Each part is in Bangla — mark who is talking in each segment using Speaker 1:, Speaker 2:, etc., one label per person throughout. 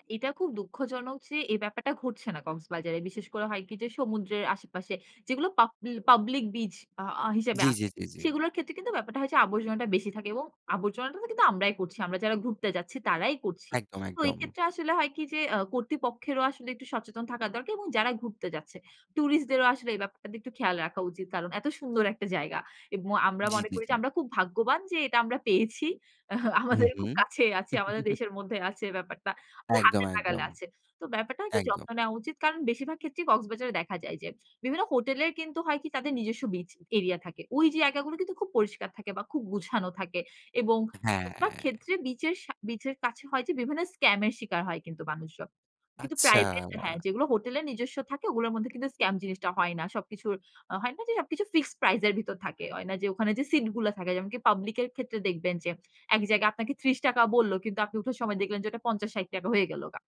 Speaker 1: আ এটা খুব দুঃখজনক যে, এই ব্যাপারটা ঘটছে না কক্সবাজারে। বিশেষ করে হয় কি যে, সমুদ্রের আশেপাশে যেগুলো পাবলি পাবলিক বিচ আ হিসেবে
Speaker 2: জি, জি,
Speaker 1: আছে।
Speaker 2: জি, জি।
Speaker 1: সেগুলোর ক্ষেত্রে কিন্তু ব্যাপারটা হয় যে, আবর্জনাটা বেশি থাকে এবং আবর্জনাটা কিন্তু আমরাই করছি। আমরা যারা ঘুরতে যাচ্ছি তারাই করছি।
Speaker 2: একদম,
Speaker 1: তো এই
Speaker 2: একদম।
Speaker 1: ক্ষেত্রে আসলে হয় কি যে, আ কর্তৃপক্ষেরও আসলে একটু সচেতন থাকা দরকার এবং যারা ঘুরতে যাচ্ছে। টুরিস্টদেরও আসলে এই ব্যাপারটা একটু খেয়াল রাখা উচিত। কারণ এত সুন্দর একটা জায়গা এবং আমরা
Speaker 2: জি,
Speaker 1: মনে
Speaker 2: জি,
Speaker 1: করি
Speaker 2: জি।
Speaker 1: যে, আমরা খুব ভাগ্যবান যে, এটা আমরা পেয়েছি।
Speaker 2: হু,
Speaker 1: আমাদের খুব
Speaker 2: হুম।
Speaker 1: কাছেই আছে, আমাদের দেশের মধ্যে আছে ব্যাপারটা। যে,
Speaker 2: একদম,
Speaker 1: হাতের নাগালে
Speaker 2: একদম।
Speaker 1: আছে। তো ব্যাপারটা হয় কি
Speaker 2: একদম।
Speaker 1: যত্ন নেওয়া উচিত। কারণ বেশিরভাগ ক্ষেত্রেই কক্সবাজারে দেখা যায় যে, বিভিন্ন হোটেলের কিন্তু হয়কি তাদের নিজস্ব বিচ এরিয়া থাকে। ওই জায়গাগুলো কিন্তু খুব পরিষ্কার থাকে বা খুব গুছানো থাকে এবং
Speaker 2: হ্যাঁ।
Speaker 1: বেশিরভাগ ক্ষেত্রে বিচের সা বিচের কাছে হয় যে, বিভিন্ন স্কামের শিকার হয় কিন্তু মানুষজন। কিন্তু
Speaker 2: আচ্ছা।
Speaker 1: প্রাইভেট হ্যাঁ, যেগুলো হোটেলের নিজস্ব থাকে ওগুলোর মধ্যে কিন্তু স্ক্যাম জিনিসটা হয় না। সবকিছুর হয় না যে, সবকিছু ফিক্সড প্রাইস এর ভিতর থাকে। হয় না যে, ওখানে যে, সিট গুলো থাকে যেমনকি পাবলিক এর ক্ষেত্রে দেখবেন যে, এক জায়গায় আপনাকে ৳৩০ বলল কিন্তু আপনি উঠার সময় দেখলেন যে, ওটা ৳৫০-৳৬০ হয়ে গেলগা।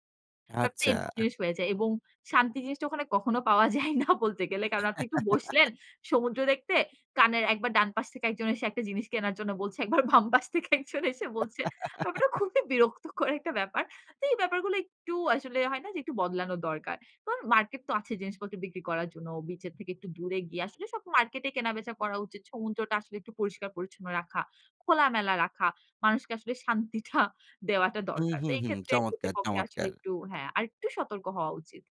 Speaker 1: ব্যাপারটা
Speaker 2: আচ্ছা।
Speaker 1: এরকম
Speaker 2: আহ
Speaker 1: জিনিস হয়ে যায় এবং শান্তি জিনিসটা ওখানে কখনো পাওয়া যায় না বলতে গেলে। কারণ আপনি একটু বসলেন সমুদ্র দেখতে কানের ১ বার ডান পাশ থেকে একজন এসে একটা জিনিস কেনার জন্য বলছে। ১ বার বাম পাশ থেকে একজন এসে বলছে। ব্যাপারটা খুবই বিরক্তকর একটা ব্যাপার। তো এই ব্যাপারগুলো একটু আসলে হয় না যে, একটু বদলানো দরকার। তো মার্কেট তো আছে জিনিসপত্র বিক্রি করার জন্য। বিচের থেকে একটু দূরে গিয়ে। আসলে সব মার্কেটে কেনাবেচা করা উচিত। সমুদ্রটা আসলে একটু পরিষ্কার-পরিচ্ছন্ন রাখা, খোলামেলা রাখা, মানুষকে আসলে শান্তিটা দেওয়াটা
Speaker 2: হু,
Speaker 1: দরকার।
Speaker 2: হু,
Speaker 1: তো এই
Speaker 2: হু,
Speaker 1: ক্ষেত্রে
Speaker 2: চমৎকার,
Speaker 1: কর্তৃপক্ষে আসলে
Speaker 2: চমৎকার!
Speaker 1: একটু হ্যাঁ, আরেকটু সতর্ক হওয়া উচিত।